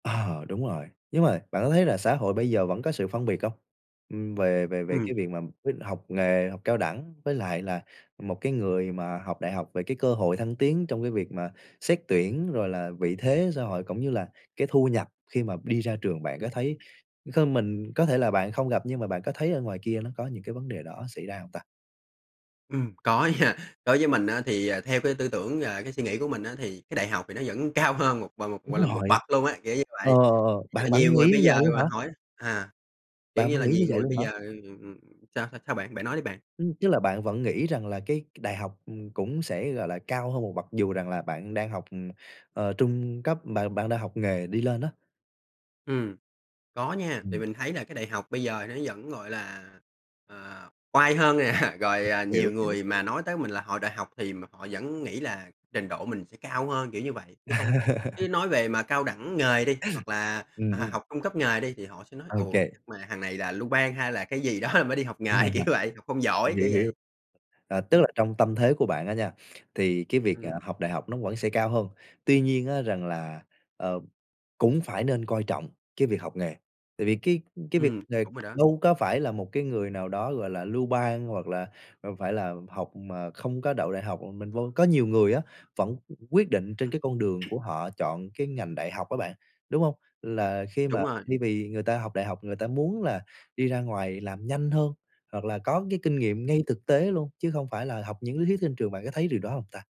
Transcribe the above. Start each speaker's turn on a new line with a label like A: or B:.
A: Ờ, đúng rồi, nhưng mà bạn có thấy là xã hội bây giờ vẫn có sự phân biệt hông? Ừm, về về về
B: Ừm.
A: cái việc mà quyết học nghề, học cao đẳng với lại là một cái người mà học đại học về cái cơ hội thăng tiến trong cái việc mà xét tuyển, rồi là vị thế xã hội cũng như là cái thu nhập khi mà đi ra trường bạn có
B: Ừm.
A: thấy hơn mình? Có thể là bạn không gặp nhưng mà bạn có thấy ở ngoài kia nó có những cái vấn đề đó xảy ra hông ta?
B: Ừm, có nha, đối với mình á, thì, à, theo cái tư tưởng, à, cái suy nghĩ của mình á, thì cái đại học thì nó vẫn cao hơn một gọi một gọi
A: Đúng
B: là, một
A: rồi.
B: bậc luôn á, kiểu như
A: Ờ,
B: vậy.
A: ờ, ờ, bạn
B: Nh
A: bạn
B: nhiều
A: nghĩ
B: người
A: như
B: bây
A: vậy
B: giờ
A: luôn hả?
B: mà hỏi à, kiểu
A: Bạn
B: như
A: vẫn
B: là,
A: nghĩ như
B: nhiều
A: vậy
B: người
A: luôn
B: bây
A: hả?
B: giờ ừm, ừm, ừm, sao sao-sao bạn? Bạn nói đi bạn.
A: Ừm, tức là bạn vẫn nghĩ rằng là cái cái đại học, ừm, cũng sẽ, gọi là, cao hơn một bậc, dù rằng là bạn đang học, ừm, ờ, trung cấp bạn bạn đang học nghề đi lên á?
B: Ừm. Có nha, thì
A: Ừm.
B: mình thấy là cái đại học bây giờ nó vẫn, gọi là, à, oai hơn nè, rồi, à, nhiều
A: Hiểu, hiểu,
B: người mà
A: hiểu.
B: nói tới mình là họ đại học thì m họ vẫn nghĩ là trình độ mình sẽ cao hơn, kiểu như vậy. Chứ không chứ nói về mà cao đẳng nghề đi hoặc là, à,
A: Ừm, ừm.
B: học trung cấp nghề đi thì họ sẽ nói:
A: Ô
B: "Ồ! Chắc
A: kê.
B: mà thằng này là lưu ban hay là cái gì đó rồi mới đi học nghề" kiểu vậy: "Học không giỏi"
A: Hiểu,
B: kiểu
A: hiểu.
B: vậy.
A: Ờ, tức
B: Ừm.
A: là trong tâm thế của bạn á nha, thì cái việc,
B: Ừm.
A: ờ, học đại học nó vẫn sẽ cao hơn. Tuy nhiên á rằng là, ờ, cũng phải nên coi trọng cái việc học nghề, tại vì cái cái việc
B: Ừm,
A: nghề
B: đúng rồi đó.
A: đâu có phải là một cái người nào đó, gọi là, lưu ban hoặc là, à, phải là học mà không có đậu đại học mà mình vân có nhiều người á, vẫn qu quyết định trên
B: Ừm.
A: cái con đường của họ chọn cái ngành đại học á bạn, đúng hông? Là khi mà
B: Đúng rồi.
A: thay vì người ta học đại học, người ta muốn là đi ra ngoài làm nhanh hơn, hoặc là có cái kinh nghiệm
B: Ừm.
A: ngay thực tế luôn, chứ không phải là học những lý thuyết trên trường, bạn có thấy điều đó hông ta?